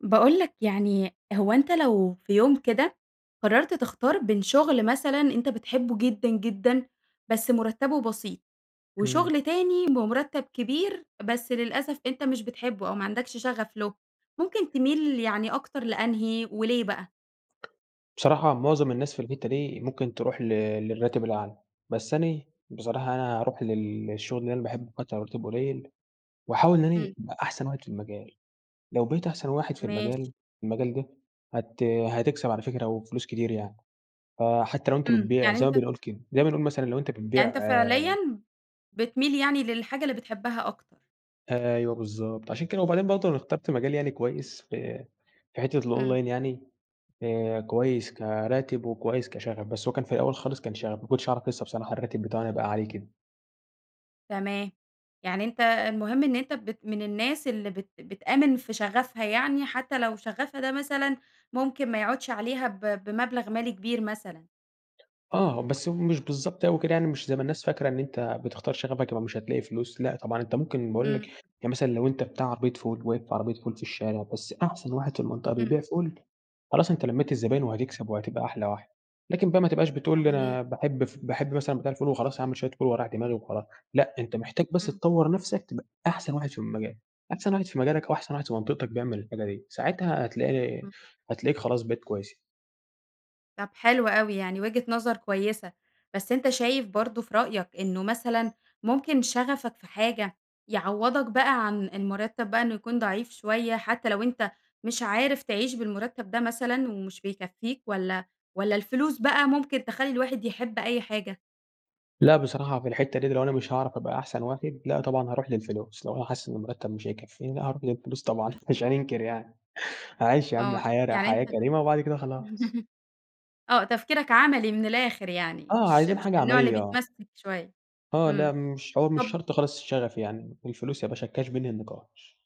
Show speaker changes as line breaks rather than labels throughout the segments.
باقول لَك يعني هو أنتَ لو في يوم كده، قررت تختار بين شغل مثلًا أنتَ بتحبه جدًا جدًا بس مرتبه بسيط،
امم.
وشغل تاني بمرتب كبير، بس للأسف أنتَ مش بتحبه أو ما عندكش شغف له، ممكن تميل يعني أكتر لأنهي وليه بقى؟
بصراحة معظم الناس في الحتة دي ممكن تروح ل للراتب الأعلى. بس أنا بصراحة أنا أروح لل للشغل اللي أنا باحبه حتى لو مرتبه قليل، وأحاول إن أنا
امم.
ابقى أحسن واحد في المجال. لو بقيت أحسن واحد في
ماشي.
المجال في المجال ده هت هتكسب على فكرة وفلوس كتير يعني فحتى لو أنتَ
امم
بتبيع
يعني
زي ما
أنتَ
بنقول كده زي ما نقول مثلًا لو أنت
يعني
بتبيع
أنتَ فعليًا، بتميل يعني للحاجة اللي بتحبها أكتر؟
أيوه بالضبط عشان كده، وبعدين برضه أنا اخترت مجال يعني كويس في في حتة
امم.
الonline يعني آآ كويس كراتب، وكويس كشغف، بس هو كان في الأول خالص كان شغف ما كنتش أعرف لسه بصراحة الراتب بتاعه هيبقى عالي كده.
تمام يعني أنتَ المهم إن أنتَ بت من الناس اللي بت بتآمن في شغفها، يعني حتى لو شغفها ده مثلًا، ممكن ما يعودش عليها ب بمبلغ مالي كبير مثلًا؟
آه بس هو مش بالضبط أوي كده يعني مش زي ما الناس فاكرة، إن أنتَ بتختار شغفك يبقي مش هتلاقي فلوس لأ طبعًا أنت ممكن باقول
امم،
لَك
امم.
يعني مثلًا لو أنتَ بتاع عربية فول، واقف في عربية فول في الشارع بس أحسن واحد في المنطقة
امم.
بيبيع فول، خلاص أنتَ لميت الزباين وهتكسب وهتبقى أحلى واحد. لكن بقى ما تبقاش بتقول
صحيح.
أنا باحب ف باحب مثلًا بتاع الفول وخلاص هاعمل شوية فول واريّح دماغي وخلاص، لأ، أنت محتاج بس
امم.
تطور نفسك تبقى أحسن واحد في المجال، أحسن واحد في مجالك أو أحسن واحد في منطقتك بيعمل الحاجة دي، ساعتها هتلاقي
امم.
هتلاقيك خلاص بقيت كويس.
طب حلو أوي يعني وجهة نظر كويسة، بس أنتَ شايف برضه في رأيك إنه مثلًا ممكن شغفك في حاجة، يعوّضك بقى عن المرتب بقى إنه يكون ضعيف شوية، حتى لو أنتَ مش عارف تعيش بالمرتب ده مثلًا، ومش بيكفيك، والّا والّا الفلوس بقى ممكن تخلي الواحد يحب أي حاجة؟
لأ، بصراحة في الحتة دِيَّة لو أنا مش هاعرف أبقى أحسن واحد لأ، طبعًا هاروح للفلوس، لو أنا حاسس إن المرتب مش هيكفيني، لأ، هاروح للفلوس طبعًا مش هاننكر يعني هاعيش يا عم
آه،
حياة ر
يعني أنتَ
حياة كريمة وبعد كده خلاص.
آه تفكيرك عملي من الآخر يعني
آه،
مش
عايزين
مش
حاجة
من النوع اللي
عملية، آه.
بيتمسك شوية
آه، لأ،
امم
مش حوار مش
طب
شرط خالص الشغف يعني الفلوس يباشا الcash بينهي النقاش.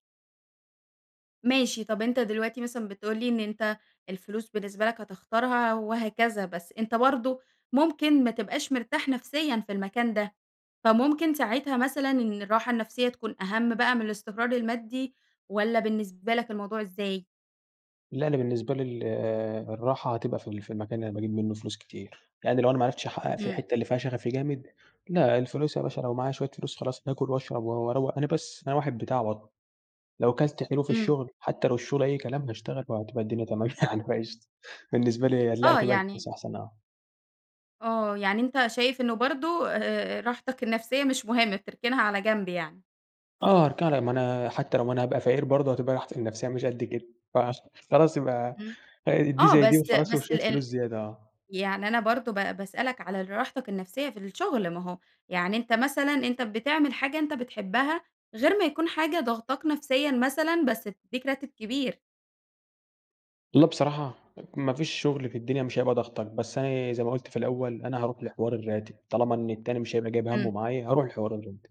ماشي طب أنتَ دلوقتي مثلًا بتقول لي إن أنتَ الفلوس بالنسبة لَك هتختارها وهكذا، بس أنتَ برضو ممكن ما تبقاش مرتاح نفسيًا في المكان ده، فممكن ساعتها مثلًا إن الراحة النفسية تكون أهم بقى من الاستقرار المادي، والّا بالنسبة لَك الموضوع إزاي؟
لأ أنا بالنسبة لي ال الراحة هتبقى في ال في المكان اللي أنا باجيب منه فلوس كتير، يعني لو أنا ما عرفتش احقق في
امم.
الحتة اللي فيها شغفي جامد، لأ الفلوس يا باشا لو معايا شوية فلوس خلاص هاكل وأشرب و وأروَّق أنا بس أنا واحد بتاع بطنه، لو كلت حلو في
امم.
الشغل حتى لو الشغل أي كلام هاشتغل وهتبقى الدنيا تمام يعني فقشطة، بالنسبة لي لأ
آه
هتبقى
يعني
الفلوس أحسن آه.
آه يعني أنتَ شايف إنه برضو آآ راحتك النفسية مش مهمة بتركنها على جنب يعني؟
آه هاركنها على ما أنا حتي لو أنا هابقى فقير برضو هتبقى راحتي النفسية مش قد كده. فعش خلاص يبقى
امم،
آآ دي
آه،
زي دي
بس
وخلاص
بس
وشوية
ال
فلوس زيادة آه.
يعني أنا برضو با باسألك على ال راحتك النفسية في الشغل، ما هو يعني أنتَ مثلًا أنتَ بتعمل حاجة أنتَ بتحبها غير ما يكون حاجة ضاغطاك نفسيًا مثلًا، بس بتدِّيك راتب كبير.
والله بصراحة، ما فيش شغل في الدنيا مش هيبقى ضاغطك، بس أنا زي ما قلت في الأول أنا هاروح لحوار الراتب، طالما إن التاني مش هيبقى جايب همه
امم.
معايا هاروح لحوار الراتب.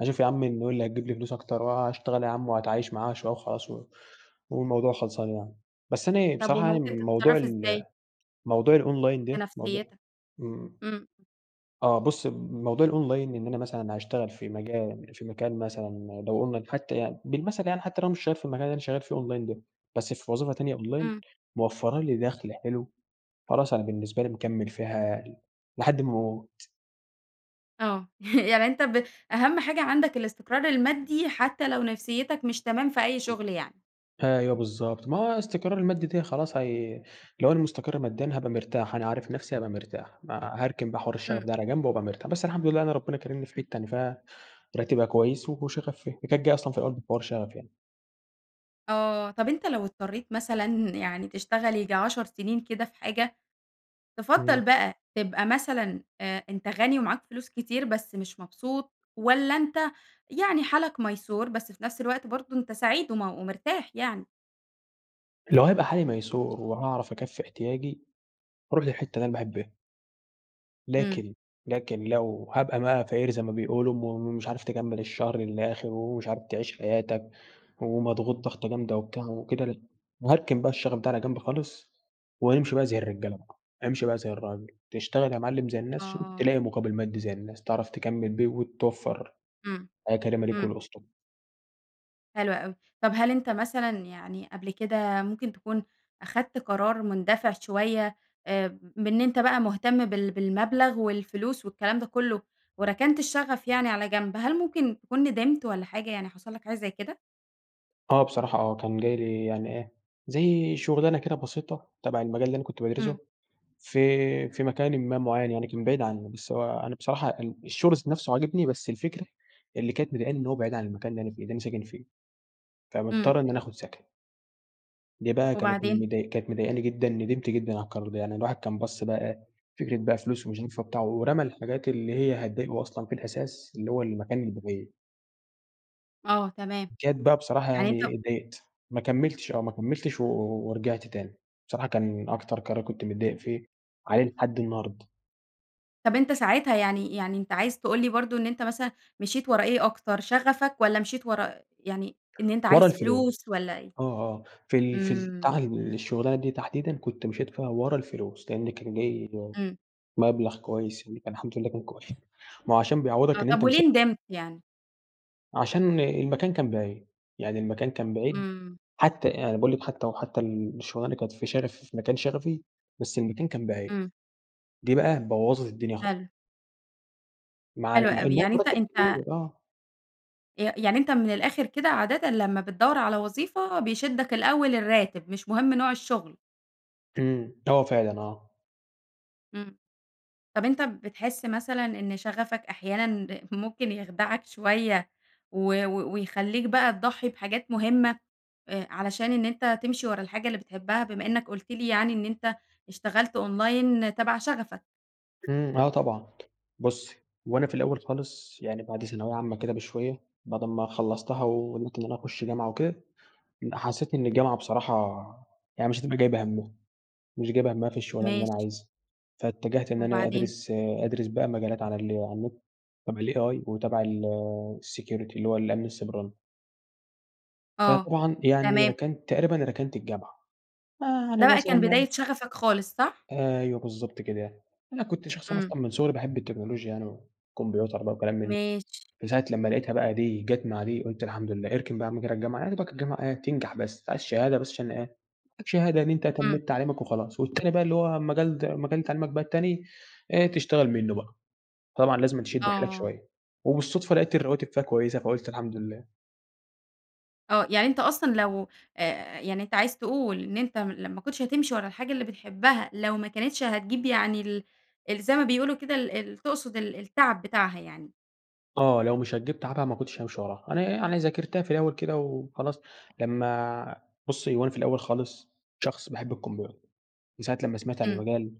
هاشوف يا عمي انهون اللي هيجيب لي فلوس أكتر وهاشتغل يا عم وهاتعايش معاها شوية وخلاص و والموضوع خلصان يعني. بس أنا
طب
بصراحة يعني
وممكن
موضوع
تتصرف
ال
إزاي؟
موضوع الonline
في
ده موضو
نفسيتك.
امم،
امم.
آه بُصي، موضوع الonline إن أنا مثلًا هاشتغل في مجال في مكان مثلًا لو قلنا حتى يعني بالمثل يعني حتى لو أنا مش شغال في المكان اللي أنا شغال فيه online ده، بس في وظيفة تانية online
امم.
موفرَّة لي دخل حلو، خلاص أنا بالنسبة لي مكمل فيها لحد ما أموت.
آه يعني أنتَ ب أهم حاجة عندك الاستقرار المادي حتى لو نفسيتك مش تمام في أي شغل يعني؟
[unintelligible] أيوه بالضبط ما هو الاستقرار المادي دي خلاص هي لو أنا مستقر ماديًا هابقى مرتاح، أنا عارف نفسي هابقى مرتاح. ما هاركن بقى حوار الشغف
امم.
ده على جنب وأبقى مرتا بس الحمد لله أنا ربنا كارمني في حتة أنا فيها راتبها كويس وشغفي فيها. هي كانت جاية أصلًا في الأول في حوار شغفي يعني.
آه طب أنتَ لو اضطريت مثلًا يعني تشتغل ييجي 10 سنين كده في حاجة، تفضّل
امم.
بقى تبقى مثلًا آآ أنتَ غني ومعاك فلوس كتير بس مش مبسوط، والّا أنتَ يعني حالك ميسور بس في نفس الوقت برضو أنتَ سعيد وم ومرتاح يعني؟
لو هيبقى حالي ميسور، وهاعرف أكفِّي احتياجي هاروح للحتة اللي أنا باحبها.
امم.
لكن لكن لو هابقى بقى فقير زي ما بيقولوا، ومش عارف تكمل الشهر للآخر، ومش عارف تعيش حياتَك، ومضغوط ضغطة جامدة وبتاع وكده، ل هاركن بقى الشغف ده على جنب خالص، وامشي بقى زي الرجالة بقى. امشي بقى زي الراجل تشتغل يا معلم زي الناس
آه،
ش عشان
آه.
تلاقي مقابل مادي زي الناس، تعرف تكمِّل بيه وتوفَّر
امم.
حياة كريمة ليك
امم.
ولأسرتك.
حلو أوي، طب هل أنتَ مثلًا يعني قبل كده ممكن تكون أخدت قرار مندفع شوية آآ، بإن أنتَ بقى مهتم بال بالمبلغ والفلوس والكلام ده كله، وركنت الشغف يعني على جنب؟ هل ممكن تكون ندمت والّا حاجة يعني حصل لَك حاجة زي كده؟
آه بصراحة آه، كان جاي لي يعني إيه، زي شغلانة كده بسيطة تبع المجال اللي أنا كنت
امم.
بادرسه، في في مكانٍ ما معين يعني، كان بعيد عني بس هو أنا بصراحة ال الشغل ذات نفسه عاجبني بس الفكرة اللي كانت مضايقاني، إن هو بعيد عن المكان اللي أنا فيه اللي أنا ساكن فيه،
امم.
فمضطر إن أنا أخد سكن. دي بقى كانت
وبعدين؟
مضا مضايقاني جدًا ندمت جدًا على القرار ده، يعني الواحد كان بَص بقى إيه فكرة بقى فلوس ومش هينفع وبتاع ورمى الحاجات اللي هي هتضايقه أصلًا في الأساس اللي هو المكان البعيد.
آه تمام.
جت بقى بصراحة
يعني أنت
يعني اتضايقت. ما كملتش آه ما كملتش، و ورجعت تاني. بصراحة كان أكتر قرار كنت متضايق فيه وعليه لحد النهارد.
طب أنتَ ساعتها يعني يعني أنتَ عايز تقول لي برضو إن أنتَ مثلًا مشيت ورا إيه أكتر؟ شغفك والّا مشيت ورا، يعني إن أنتَ
ورا
عايز
الفلوس.
فلوس والّا إيه؟
آه آه. في ال في
امم.
البتاعة الشغلانة دي تحديدًا كنت مشيت فيها ورا الفلوس، لأن كان جاي
امم.
مبلغ كويس يعني الحمد لله كان كوي ما هو عشان
آه
بيعوضك إن
طب
أنتَ مسا
وليه ندمت يعني؟
عشان المكان كان بعيد. يعني المكان كان بعيد
امم.
حتّى أنا باقول لِك حتى وحتى الشغلانة اللي كانت في شغف في مكان شغفي، بس المكان كان بعيد.
امم.
دي بقى بوَّظت الدنيا خا
حلو.
مع
حلو
مع
أوي.
إنها
يعني أنتَ
المرتب
أنتَ
كتير آه.
ي يعني أنتَ من الآخر كده عادةً لمّا بتدوَّر على وظيفة، بيشدك الأول الراتب مش مهم نوع الشغل؟
امم. آه فعلًا آه.
امم. طب أنتَ بتحس مثلًا إن شغفك أحيانًا ممكن يخدعك شويّة؟ و و ويخليك بقى تضحي بحاجات مهمة، آآ، علشان إن أنتَ تمشي ورا الحاجة اللي بتحبها بما إنك قلت لي يعني إن أنتَ اشتغلت online تَبَع شغفك؟
إمم، آه، طبعًا بُصّي، هو أنا في الأوّل خالص يعني بعد ثانوية عامة كده بشوية، بعد أما خلصتها وقدرت إن أنا أخش جامعة وكده، ال حسّيت إن الجامعة بصراحة، يعني مش هتبقى جايبة هَمّها مش جايبة هَمّها في الشغلانة اللي أنا
ماشي.
عايزها. فاتجهت إن أنا
وبعدين.
أدرس أدرس بقى مجالات على ال على النت تبع الAI وتبع الsecurity اللي هو الأمن السيبراني.
آه،
فطبعًا يعني
تمام.
ركنت تقريبًا ركنت الجامعة آآ،
ده
يعني
بقى كان
مثلًا
بداية شغفك خالص صح؟
أيوه بالضبط كده، أنا كنت شخص
إمم.
أصلًا من صغري باحب التكنولوجيا يعني والكمبيوتر بقى وكلام من ده،
ماشي.
من ساعة لمّا لاقيتها بقى دي جت مع دي قلت الحمد لله، اركن بقى يا عم كده الجامعة، يا دوبك الجامعة إيه تنجح بس أنت عايز شهادة بس عشان إيه يبقى معاك شهادة إن أنت
إمم.
تميت تعليمك وخلاص والتاني بقى اللي هو المجال د مجال تعليمك بقى التاني، إيه تشتغل منّه بقى. طبعًا لازمًا تشد حيلك
آه.
شويّة، وبالصدفة لاقيت الرواتب فيها كويّسة فقُلت الحمد لله.
آه، يعني أنت أصلًا لو أ يعني أنت عايز تقول إن أنت م لو ما كنتش هتمشي ورا الحاجة اللي بتحبها، لو ما كانتش هتجيب يعني ال ال زي ما بيقولوا كده ال ال تقصد ال التعب بتاعها يعني.
آه، لو مش هتجيب تعبها ما كنتش هامشي وراها. أنا يعني ذاكرتها في الأوّل كده وخلاص لمّا بُصّي هو أنا في الأوّل خالص شخص باحب الكمبيوتر، من ساعة لمّا سمعت عن
امم.
المجال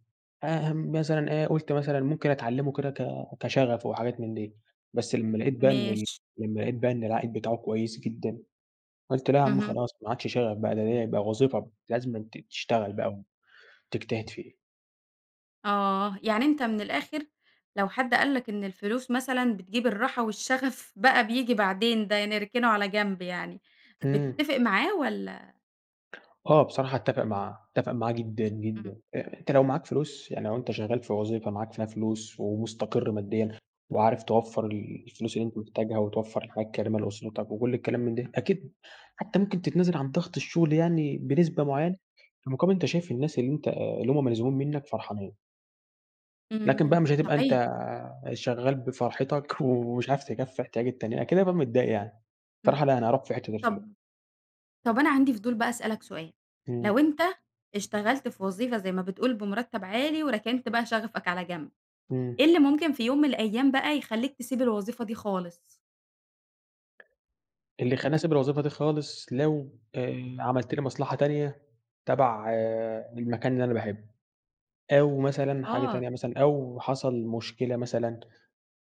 آآ، مثلًا إيه قلت مثلًا ممكن أتعلمه كده ك كشغف وحاجات من دي، بس لمّا لاقيت بقى إن ال
ماشي.
لمّا لاقيت بقى إن العائد بتاعه كويّس جدًا قلت لا يا عم
اهم.
خلاص ما عادش شغف بقى ده، ده ديّة بقى وظيفة لازمًا تشتغل بقى وتجتهد فيه.
آه، يعني أنت من الآخر لو حد قال لك إن الفلوس مثلًا بتجيب الراحة والشغف بقى بييجي بعدين، ده نركنه على جنب يعني،
إمم.
بتتفق معاه والّا؟
آه، بصراحة أتفق معاه، أتفق معاه جدًا،
امم.
جدًا، أ أنت لو معاك فلوس يعني لو أنت شغّال في وظيفة معاك فيها فلوس، ومستقر ماديًا، وعارف توفر ال الفلوس اللي أنت محتاجها وتوفر الحياة الكريمة لأسرتك وكل الكلام من ده أكيد حتّى ممكن تتنازل عن ضغط الشغل يعني بنسبة معيّنة، مقابل أنت شايف الناس اللي أنت اللي هم ملزومين منّك فرحانين. لكن بقى
امم،
مش هتبقى أنت
صحيح.
آآ، شغّال بفرحتك، ومش عارف تكفي احتياج التاني، أكيد هابقى متضايق يعني.
امم،
صراحة لا أنا هاروح في حتّة الفلوس.
طب طب أنا عندي فضول بقى أسألك سؤال، لو
إمم.
أنت اشتغلت في وظيفة زي ما بتقول بمرتب عالي وركنت بقى شغفك على جنب،
إمم.
إيه اللي ممكن في يوم من الأيّام بقى يخليك تسيب الوظيفة دي خالص؟
اللي خلّاني أسيب الوظيفة دي خالص، لو آآ، عملت لي مصلحة تانية تبع المكان اللي أنا باحبه. أو مثلًا حاجة
آه.
تانية مثلًا، أو حصل مشكلة مثلًا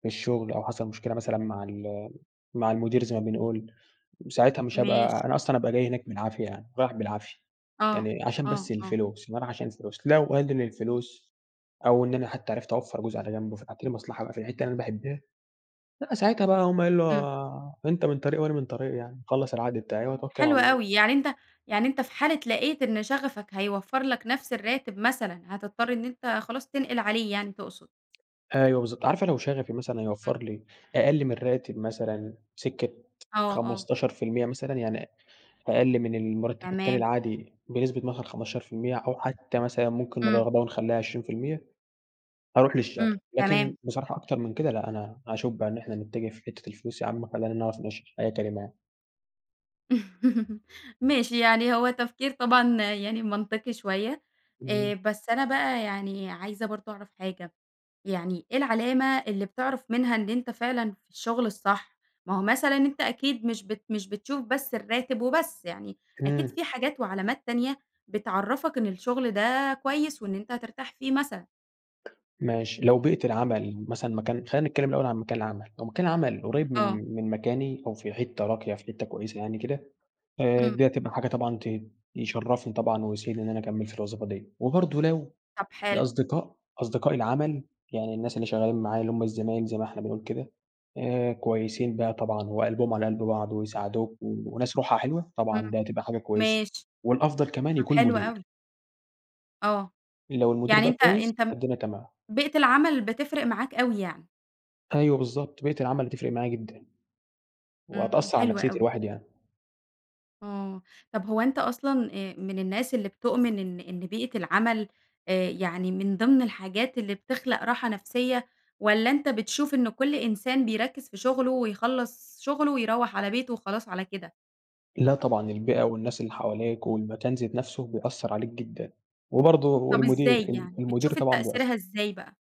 في الشغل، أو حصل مشكلة مثلًا مع ال مع المدير زي ما بنقول، ساعتها مش
ماشي.
هابقى أنا أصلًا هابقى جاي هناك بالعافية يعني، رايح بالعافية،
آه،
يعني عشان
آه،
بس
آه.
الفلوس بابقي رايح عشان الفلوس لو قَلّل الفلوس أو إن أنا حتى عرفت أوْفَّر جزء على جنب، وفتحت لي مصلحة في الحتة اللي أنا باحبها؟ لأ، ساعتها بقى هاقوم قايل
إمم.
له أنتَ من طريق وأنا من طريق يعني، اخلص العقد بتاعي
إمم،
وأتوكل على
حلو
الله.
أوي يعني أنتَ يعني أنتَ في حالة لاقيت إن شغفك هيوفر لك نفس الراتب مثلًا، هتضطر إن أنت خلاص تنقل عليه يعني تقصد؟
أيوه، بالضبط عارفة لو شغفي مثلًا
إمم.
هيوفر لي أقل من الراتب مثلًا، سِكة
آه، آه.
15% مثلًا، يعني أ أقل من المرتب التاني
تمام.
العادي بنسبة مثلًا 15% أو حتى مثلًا ممكن نر
إمم.
قربها ونخلّيها 20%، هاروح للشغف،
إمم،
لكن
تمام.
بصراحة أكتر من كده لأ، أنا هاشوف بقي إن إحنا نتجه في حتة الفلوس يا عم خلينا نعرف نعيش حياة كريمة يعني.
ماشي يعني هو تفكير طبعًا يعني منطقي شوية، آآ،
إمم.
بس أنا بقى يعني عايزة برضه أعرف حاجة، يعني إيه العلامة اللي بتعرف منها إن أنت فعلًا في الشغل الصح؟ ما هو مثلًا أنت أكيد مش بت مش بتشوف بس الراتب وبس يعني، أكيد
إمم.
في حاجات وعلامات تانية بتعَرّفك إن الشغل ده كويس وإن أنت هترتاح فيه مثلًا؟
ماشي لو بيئة العمل مثلًا مكان خلّينا نتكلم الأول عن مكان العمل، لو مكان العمل قريب
آه.
من من مكاني أو في حتة راقية في حتة كويسة يعني كده، آآ
إمم.
دي هتبقى حاجة طبعًا ت يشرّفني طبعًا ويسعدني إني أنا أكمل في الوظيفة دي، وبرضه لو
طب حلو.
الأصدقاء أصدقاء العمل يعني الناس اللي شغالين معايا اللي هُم الزمايل زي ما إحنا بنقول كده آآ، كويسين بقى طبعًا وقلبهم على قلب بعض، ويساعدوك، وناس روحها حلوة، طبعًا
إمم،
ده تبقى حاجة كويسة
ماشي،
والأفضل كمان
طب
يكون
حلو
المدير.
أوي. آه،
لو المدير
يعني
بقى
أنت
كويس،
أنت
فالدنيا تمام.
بيئة العمل بتفرق معاك أوي يعني؟
أيوه بالضبط بيئة العمل بتفرق معايا جدًا.
إمم
وهتأثر على
حلو
نَفسيّة
أوي.
الواحد يعني.
آه طب هو أنتَ أصلًا، آآ، من الناس اللي بتؤمن إن إن بيئة العمل آآ يعني من ضمن الحاجات اللي بتخلق راحة نفسية؟ والّا أنتَ بتشوف إنه كل إنسان بيركز في شغله ويخلص شغله ويروح على بيته وخلاص على كده؟
لا طبعًا البيئة والناس اللي حواليك والمكان ذات نفسه بيأثر عليك جدًا، وبرضه
طب
والمدير
إزاي
ال
يعني
المدير
بتشوف ال
طبعًا بيأثر.
تأثيرها إزاي بقى؟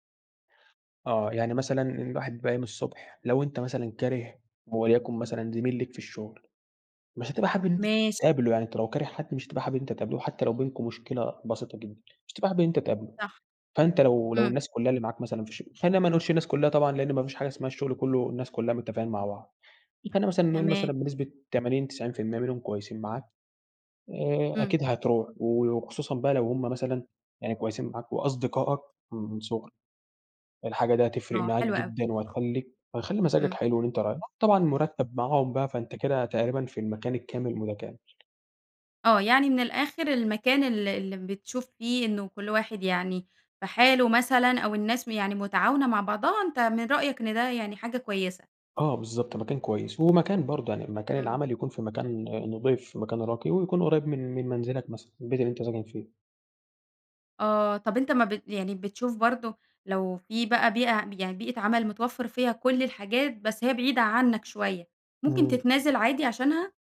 اه يعني مثلًا الواحد بيبقي قايم الصبح لو أنتَ مثلًا كاره وليكن مثلًا زميل ليك في الشغل، مش هتبقى حابب أن أنتَ
ماشي.
تقابله يعني أنتَ لو كاره حد مش هتبقى حابب إن أنتَ تقابله، وحتى لو بينكم مشكلة بسيطة جدًا، مش هتبقى حابب إن أنتَ تقابله،
صح
فأنتَ لو لو
امم.
الناس كلها اللي معاك مثلًا في الشغ خلينا ما نقولش الناس كلها طبعًا لأن ما فيش حاجة اسمها الشغل كله الناس كلها متفقين مع بعض، فخلينا مثلًا نقول مثلًا
تمام.
بنسبة 80، 90% منهم كويسين معاك، آآ
امم.
أكيد هتروح و وخصوصًا بقى لو هم مثلًا يعني كويسين معاك وأصدقائك من صغرك، الحاجة دي هتفرق
آه
معاك
حلو أوي.
جدًا، وهتخليك وهتخلي مزاجك
امم.
حلو وأنتَ رايح، طبعًا المرتب معاهم بقى فأنتَ كده تقريبًا في المكان الكامل المتكامل.
آه يعني من الآخر المكان ال اللي بتشوف فيه إن كل واحد يعني في حاله مثلًا أو الناس م يعني متعاونة مع بعضها أنتَ من رأيك إن ده يعني حاجة كويسة؟
آه بالضبط مكان كويس. ومكان برضه يعني مكان
امم.
العمل يكون في مكان نضيف، في مكان راقي ويكون قريب من من منزلك مثلًا، البيت اللي أنت ساكن فيه.
آه طب أنتَ ما بت يعني بتشوف برضه لو في بقى بيئة يعني بيئة عمل متوفَّر فيها كل الحاجات بس هي بعيدة عنك شوية، ممكن
امم.
تتنازل عادي عشانها؟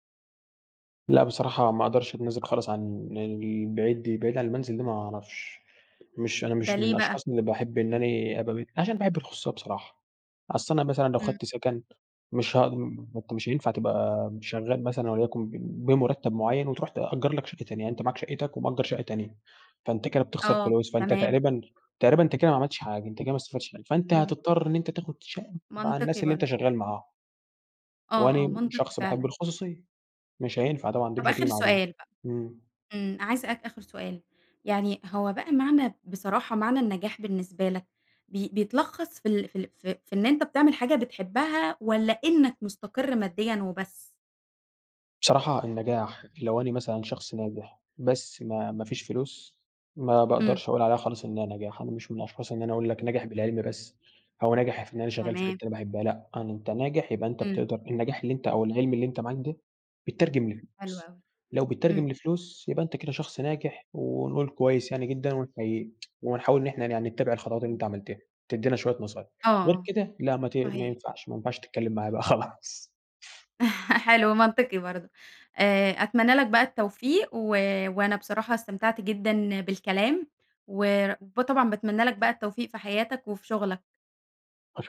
لأ بصراحة ما اقدرش اتنازل خالص عن البعيد دي، البعيد عن المنزل دي ما اعرفش. مش أنا
ده
مش من
ليه بقى؟
الأشخاص اللي باحب إن أنا أبقى بت عشان باحب الخصوصية بصراحة. أصل أنا مثلًا لو
امم.
خدت سكن مش هاقد ما أنتَ مش هينفع تبقى شغال مثلًا وليكُن بم بمرتب معيّن وتروّح تأجر لَك شقة تانية، يعني أنتَ معاك شقتك ومأجر شقة تانية. فأنتَ كده بتخسر
آه
فلوس، فأنتَ
تمام.
تقريبًا تقريبًا أنتَ كده ما عملتش حاجة، أنتَ كده ما استفدتش حاجة، فأنتَ
امم.
هتضطر إن أنتَ تاخد شقة مع
منطقي
الناس اللي أنتَ
برضه.
شغال معاهم.
آه، آه
وأنا
منطقي
شخص باحب
فعلًا.
الخصوصية، مش هينفع طبعًا دي
طب
مش هتيجي
آخر
مع دي.
سؤال بقى
امم.
امم، عايزة أسألك آخر سؤال، يعني هو بقى معنى بصراحة معنى النجاح بالنسبة لك بي بيتلخص في ال في ال في في إن أنتَ بتعمل حاجة بتحبها والّا إنك مستقر ماديًا وبس؟
بصراحة النجاح لو أنا مثلًا شخص ناجح بس ما ما فيش فلوس، ما
امم.
باقدرش أقول عليها خالص إنها نجاح، أنا مش من الأشخاص إن أنا أقول لَك ناجح بالعلم بس، أو ناجح في إن أنا شغال في حتة
تمام.
أنا باحبها لأ، أن أنتَ ناجح يبقى أنتَ
امم.
بتقدر النجاح اللي أنتَ أو العلم اللي أنتَ معاك ده بيتترجم
حلو
لفلوس،
أوي،
لو
امم.
بيتترجم لفلوس يبقى أنتَ كده شخص ناجح، ونقول كويس يعني جدًا ونحَييك، ونحاول إن إحنا ن يعني نتَّبع الخطوات اللي
امم.
أنتَ عملتها، تدّينا شوية نصايح. غير
آه
كده لا ما ت ما
صحيح.
ينفعش، ما ينفعش تتكلم معايا بقى خلاص
حلو منطقي برضه آآ أتمنى لَك بقى التوفيق و وأنا بصراحة استمتعت جدًا بالكلام. وب طبعًا باتمنى لك بقى التوفيق في حياتك وفي شغلك.
أش